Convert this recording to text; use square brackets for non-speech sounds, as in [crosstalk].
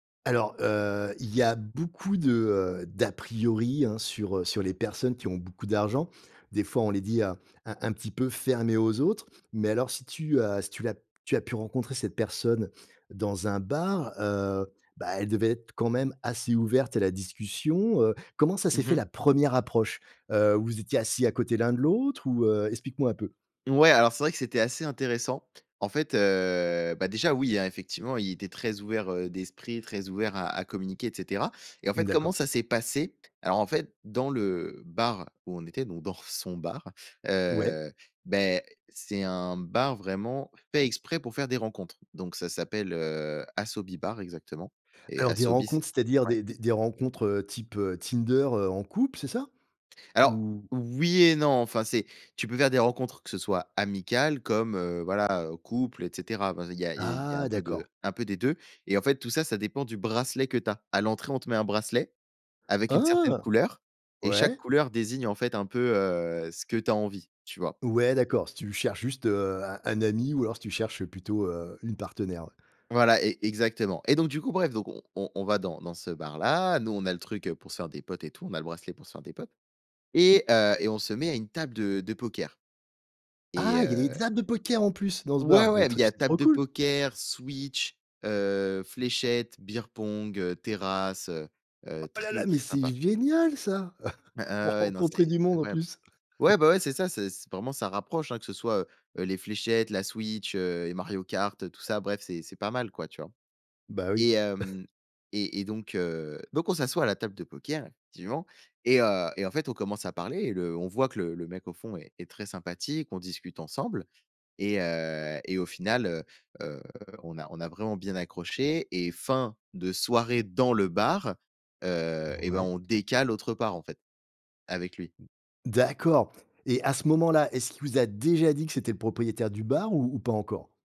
Alors, heu, il y a beaucoup de, heu, d'aprioris, hein, sur, heu, sur les personnes qui ont beaucoup d'argent. Des fois, on les dit un un un petit peu fermées aux autres. Mais alors, si tu as si tu l'as tu as pu rencontrer cette personne dans un bar, heu, bah, elle devait être quand même assez ouverte à la discussion. Heu, comment ça s'est Mmh fait mh. la 1re approche? Heu, vous étiez assis à côté l'un de l'autre? Ou, heu explique-moi un peu. Mouais, alors c'est vrai que c'était assez intéressant. En fait, heu, bah déjà oui, hein, effectivement, il était très ouvert, heu, d'esprit, très ouvert à à communiquer, et cetera. Et en Mmh, fait, comment d'accord. ça s'est passé? Alors en fait, dans le bar où on était, donc dans son bar, Ouais. heu, beh, c'est un bar vraiment fait exprès pour faire des rencontres. Donc, ça s'appelle, heu, Asobi Bar exactement et Alors des Asobi c'est rencontres, c'est-à-dire? ouais? Des des des rencontres, heu, type, heu, Tinder, heu, en couple, c'est ça? Alors, Ou oui et non, enfin c'est tu peux faire des rencontres, que ce soit amical comme, heu, voilà, heu, couple, et cetera. Enfin, il y a il y a il y a Ah, un peu de d'accord. un peu des 2. Et en fait tout ça, ça dépend du bracelet que tu as. À l'entrée, on te met un bracelet, avec une certaine Oh! couleur. Et chaque Ouais. couleur désigne en fait un peu, heu, ce que tu as envie, tu vois? Ouais, d'accord. Si tu cherches juste, heu, un un ami ou alors si tu cherches plutôt, heu, une partenaire? Voilà, e exactement! Et donc, du coup, bref, donc on on on va dans dans ce bar-là. Nous, on a le truc, heu, pour se faire des potes et tout. On a le bracelet pour se faire des potes. Et heu et on se met à une table de de poker. Et Ah! Il y des heu des tables de poker en plus, dans ce Ouais, bar? Mais ouais! Il tr y a c'est table trop de cool! poker, Switch, heu, fléchettes, bière-pong, heu, terrasse, heu, heu, Oh là là! très Mais très c'est sympa! génial, ça! [chuckles] Ah Pour ah ouais, non, rencontrer c'est, du monde en incroyable! plus! Ouais, [chuckles] ben, ouais, c'est ça, c'est c vraiment, ça rapproche, hein, que ce soit, heu, les fléchettes, la Switch, heu, et Mario kart, tout ça. Bref, c'est c'est pas mal quoi, tu vois? Bah, oui! Et [chuckles] hem et et donc, heu, donc, on s'assoit à la table de poker, effectivement. Et heu et en fait, on commence à parler et le on voit que le le mec au fond est est très sympathique, on discute ensemble. Et heu, et au final, heu, heu, on a on a vraiment bien accroché. Et fin de soirée dans le bar, heu, et ben, Ouais. on décale autre part, en fait. Avec lui. [unintelligible] D'accord! Et à ce moment-là, est-ce qu'il vous a déjà dit que c'était le propriétaire du bar, ou ou pas encore?